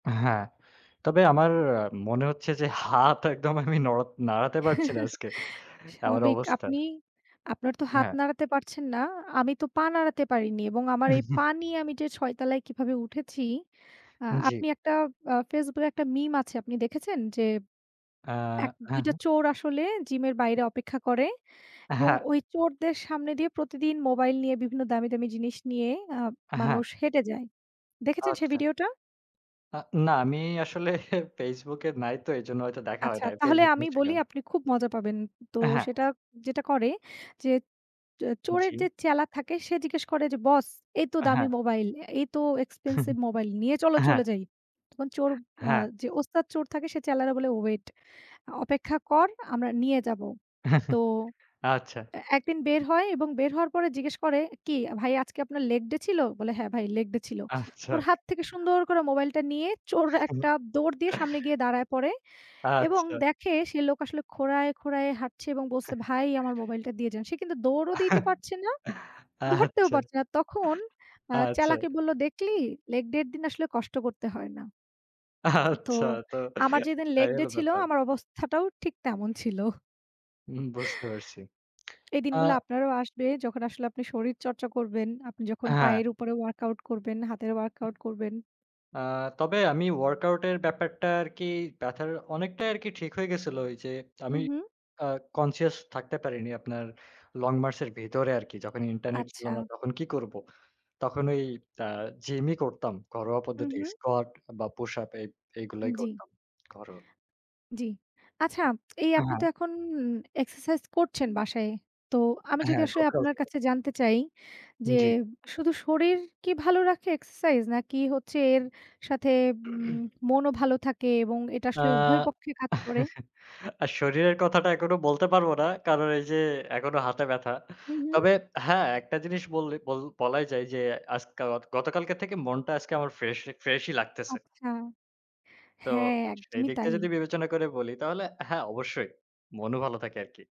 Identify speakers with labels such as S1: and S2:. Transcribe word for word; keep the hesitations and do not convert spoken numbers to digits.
S1: হ্যাঁ। তবে আমার আ মনে হচ্ছে যে হাত একদম আমি নড়া নাড়াতে পারচি না আজকে। এমন
S2: স্বাভাবিক।
S1: অবস্থা।
S2: আপনি আপনার তো হাত
S1: হ্যাঁ।
S2: নাড়াতে পারছেন না। আমি তো পা নাড়াতে পারিনি এবং আমার এই পা নিয়ে আমি যে ছয় তালায় কিভাবে উঠেছি, অ্যা
S1: জি।
S2: আপনি একটা অ্যা FaceBook এ একটা মিম আছে। আপনি দেখেছেন? যে
S1: আ
S2: এক দুই
S1: হ্যাঁ,
S2: টা
S1: হ্যাঁ।
S2: চোর আসলে জিমের বাইরে অপেক্ষা করে।
S1: অ্যা
S2: এবং
S1: হ্যাঁ।
S2: ওই চোরদের সামনে দিয়ে প্রতিদিন মোবাইল নিয়ে বিভিন্ন দামি, দামি জিনিস নিয়ে অ্যা
S1: অ্যা হ্যাঁ।
S2: মানুষ হেঁটে যায়। দেখেছেন সেই
S1: আচ্চা।
S2: ভিডিওটা?
S1: আ না, আমি আসলে FaceBook এ নাই তো এজন্য হয়তো দেখা হয়
S2: আচ্ছা
S1: নাই।
S2: তাহলে
S1: FaceBook,
S2: আমি বলি
S1: Instagram.
S2: আপনি খুব মজা পাবেন। তো
S1: অ্যা হ্যাঁ।
S2: সেটা যেটা করে যে, চো চোরের
S1: জি।
S2: যেই চেলা থাকে সে জিজ্ঞেস করে যে, "বস এই তো
S1: অ্যা
S2: দামি
S1: হ্যাঁ।
S2: মোবাইল এই তো expensive মোবাইল নিয়ে চলো
S1: অ্যা
S2: চলে
S1: হ্যাঁ।
S2: যাই।" তখন চোর আ
S1: হ্যাঁ।
S2: যে ওস্তাদ চোর থাকে সে চ্যালারে বলে "ওয়েট আ অপেক্ষা কর আমরা নিয়ে যাবো।" তো
S1: আচ্ছা।
S2: অ্যা একদিন বের হয় এবং বের হওয়ার পরে জিজ্ঞেস করে, "কি ভাই আজকে আপনার লেগ ডে ছিল?" বলে "হ্যাঁ ভাই লেগ ডে ছিল।"
S1: আচ্ছা।
S2: ওর হাত থেকে সুন্দর করে মোবাইলটা নিয়ে চোর একটা দৌড় দিয়ে সামনে গিয়ে দাঁড়ায় পড়ে। এবং
S1: আচ্ছা।
S2: দেখে সে লোক আসলে খোঁড়ায়, খোঁড়ায় হাঁটছে এবং বলছে, "ভাই আমার মোবাইলটা দিয়ে যান।" সে কিন্তু দৌড়ও দিতে পারছে না। ধরতেও
S1: আচ্ছা।
S2: পারছে না। তখন অ্যা
S1: আচ্ছা।
S2: চ্যালাকে বললো, "দেখলি লেগ ডের দিন আসলে কষ্ট করতে হয় না।" তো
S1: আচ্ছা, তো
S2: আমার যেদিন লেগ
S1: এই
S2: ডে
S1: হল
S2: ছিল
S1: ব্যাপার।
S2: আমার অবস্থাটাও ঠিক তেমন ছিল।
S1: উম বুঝতে পারছি।
S2: এই
S1: আ
S2: দিনগুলা আপনারও আসবে, যখন আসলে আপনি শরীর চর্চা করবেন, আপনি যখন
S1: অ্যা হ্যাঁ।
S2: পায়ের উপরে ওয়ার্কআউট করবেন, হাতের ওয়ার্কআউট করবেন।
S1: আ তবে আমি ওয়ার্কআউট এর ব্যাপারটা আরকি ব্যথার অনেকটাই আরকি ঠিক হয়ে গেছিলো ঐ যে আমি
S2: হুম, হুম।
S1: অ্যা conscious থাকতে পারিনি আপনার লং মার্চ এর ভেতরে আরকি। যখন ইন্টারনেট ছিলো না,
S2: আচ্ছা।
S1: তখন কি করব? তখন ওই অ্যা জিমই করতাম। ঘরোয়া
S2: হুম,
S1: পদ্ধতি।
S2: হুম।
S1: স্কোয়াট বা পুশ এই,
S2: আন
S1: এগুলোই
S2: জি।
S1: করতাম। ঘরোয়া।
S2: জি। আচ্ছা এই
S1: আ
S2: আপনি
S1: হ্যাঁ।
S2: তো এখন এক্সারসাইজ করছেন বাসায়। তো আমি যদি
S1: হ্যাঁ,
S2: আসলে
S1: ডপরাও
S2: আপনার
S1: থেকে।
S2: কাছে জানতে চাই, যে
S1: জি।
S2: শুধু শরীর কি ভালো রাখে এক্সারসাইজ নাকি হচ্ছে এর সাথে উম মনও ভালো থাকে এবং এটা
S1: আ
S2: আসলে উভয় পক্ষে কাজ করে।
S1: আর শরীরের কথাটা এখনো বলতে পারব না। কারণ এই যে একনো হাতে ব্যাথা।
S2: হুম, হুম।
S1: তবে হ্যাঁ, একটা জিনিস বললে, বল বলাই যায় যে আজকাওয়াক গতকালকের থেকে মনটা আজকে আমার ফ্রেশ, ফ্রেশই লাগতেছে।
S2: আচ্ছা
S1: তো
S2: হ্যাঁ,
S1: সেই
S2: একদমই
S1: দিকটা
S2: তাই।
S1: যদি বিবেচনা করে বলি তাহলে হ্যাঁ, অবশ্যই। মনও ভালো থাকে আরকি।